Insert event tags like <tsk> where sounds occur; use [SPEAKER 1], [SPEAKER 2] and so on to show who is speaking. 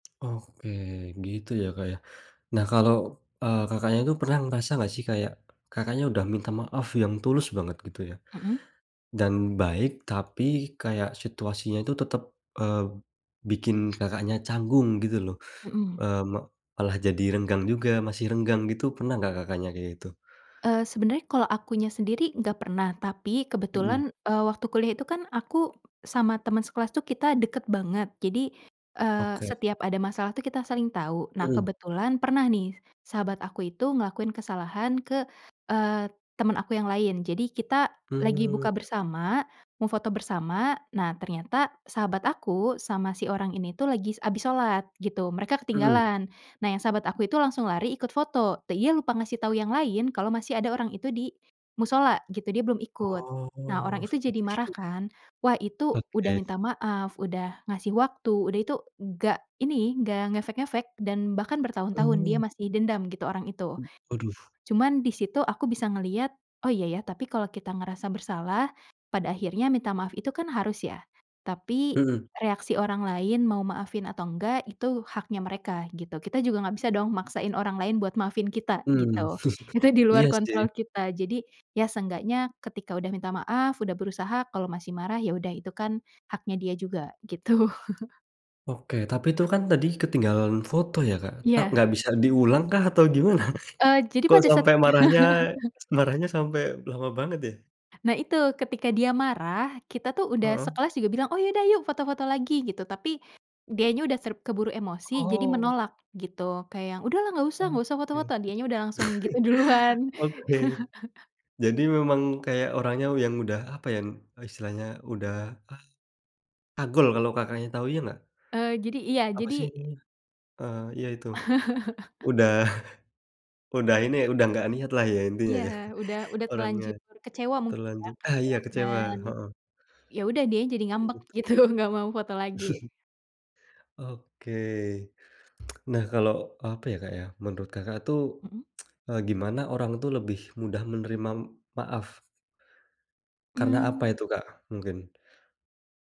[SPEAKER 1] Oke, gitu ya, Kak, ya. Nah, kalau, eee, Kakaknya itu pernah ngerasa nggak sih kayak Kakaknya udah minta maaf yang tulus banget gitu ya,
[SPEAKER 2] Mmm.
[SPEAKER 1] dan baik, tapi kayak situasinya itu tetap, eee, bikin Kakaknya canggung gitu loh,
[SPEAKER 2] Mhm.
[SPEAKER 1] eee, mo malah jadi renggang juga masih renggang, gitu. Pernah nggak Kakaknya kayak gitu?
[SPEAKER 2] Eee, sebenarnya kalau akunya sendiri nggak pernah, tapi
[SPEAKER 1] Mhm.
[SPEAKER 2] kebetulan, eee, waktu kuliah itu kan, aku sama teman sekelas tuh kita deket banget. Jadi, eee,
[SPEAKER 1] Oke.
[SPEAKER 2] setiap ada masalah tuh kita saling tahu. Nah,
[SPEAKER 1] Mhm.
[SPEAKER 2] kebetulan pernah nih, sahabat aku itu ngelakuin kesalahan ke, eee, teman aku yang lain. Jadi, kita lagi buka
[SPEAKER 1] Mmm.
[SPEAKER 2] bersama, mau foto bersama. Nah, ternyata sahabat aku, sama si orang ini tuh lagi s habis sholat gitu, mereka
[SPEAKER 1] Mmm.
[SPEAKER 2] ketinggalan. Nah, yang sahabat aku itu langsung lari ikut foto, dia lupa ngasih tahu yang lain, kalau masih ada orang itu di mushola gitu, dia belum ikut. Nah,
[SPEAKER 1] Oh,
[SPEAKER 2] orang itu jadi
[SPEAKER 1] seperti
[SPEAKER 2] marah
[SPEAKER 1] itu.
[SPEAKER 2] kan. Wah, itu udah
[SPEAKER 1] Oke.
[SPEAKER 2] minta maaf, udah ngasih waktu, udah itu nggak ini, nggak ngefek-ngefek. Dan bahkan bertahun-tahun dia
[SPEAKER 1] Mmm.
[SPEAKER 2] masih dendam gitu orang itu.
[SPEAKER 1] M waduh.
[SPEAKER 2] Cuman di situ aku bisa ngelihat, “Oh, iya, ya, tapi kalau kita ngerasa bersalah, pada akhirnya minta maaf itu kan harus ya.” Tapi
[SPEAKER 1] Mhm.
[SPEAKER 2] reaksi orang lain mau maafin atau nggak itu haknya mereka gitu. Kita juga nggak bisa dong maksain orang lain buat maafin kita,
[SPEAKER 1] Mmm,
[SPEAKER 2] gitu. Itu
[SPEAKER 1] <chuckles>
[SPEAKER 2] di luar
[SPEAKER 1] iya, sih.
[SPEAKER 2] kontrol kita. Jadi, ya seenggaknya ketika udah minta maaf, udah berusaha, kalau masih marah, ya udah, itu kan haknya dia juga gitu. <chuckles>
[SPEAKER 1] Oke, tapi itu kan tadi ketinggalan foto ya, Kak. Ta
[SPEAKER 2] Iya.
[SPEAKER 1] nggak bisa diulang kah, atau gimana?
[SPEAKER 2] Eee, jadi
[SPEAKER 1] Kok
[SPEAKER 2] pada saat
[SPEAKER 1] sampai marahnya
[SPEAKER 2] <laughs>
[SPEAKER 1] marahnya sampai lama banget ya?
[SPEAKER 2] Nah, itu ketika dia marah, kita tuh udah
[SPEAKER 1] Heeh.
[SPEAKER 2] sekelas juga bilang, “Oh, ya udah, yuk foto-foto lagi." Gitu. Tapi, dianya udah ter keburu emosi, jadi
[SPEAKER 1] Oh.
[SPEAKER 2] menolak gitu. Kayak yang, “Udahlah, nggak usah nggak usah
[SPEAKER 1] Oke.
[SPEAKER 2] foto-foto.” Dianya udah langsung gitu duluan.
[SPEAKER 1] <chuckles> Oke.
[SPEAKER 2] <chuckles>
[SPEAKER 1] Jadi, memang kayak orangnya u yang udah, apa yang istilahnya udah, a agul kalau Kakaknya tahu ya nggak?
[SPEAKER 2] Eee, jadi iya,
[SPEAKER 1] Apa
[SPEAKER 2] jadi
[SPEAKER 1] sih ininya? Eee, ya, itu.
[SPEAKER 2] <chuckles>
[SPEAKER 1] Udah, <chuckles> udah ini ya udah gak niat lah ya, intinya,
[SPEAKER 2] Iya,
[SPEAKER 1] ya,
[SPEAKER 2] udah
[SPEAKER 1] <chuckles>
[SPEAKER 2] udah
[SPEAKER 1] orangnya.
[SPEAKER 2] terlanjur kecewa mungkin ya,
[SPEAKER 1] Terlanjur ah, iya,
[SPEAKER 2] kecewa
[SPEAKER 1] kecewa,
[SPEAKER 2] dan,
[SPEAKER 1] heeh.
[SPEAKER 2] ya udah dianya jadi
[SPEAKER 1] Kayak
[SPEAKER 2] ngambek
[SPEAKER 1] gitu.
[SPEAKER 2] gitu, nggak mau foto lagi.
[SPEAKER 1] <chuckles> Oke. <tsk> Nah, kalau, eee, apa ya, Kak, ya, menurut Kakak tuh,
[SPEAKER 2] Mmm.
[SPEAKER 1] <tsk> eee, gimana orang tuh lebih mudah menerima maaf? Karena apa
[SPEAKER 2] Mmm.
[SPEAKER 1] itu Kak mungkin?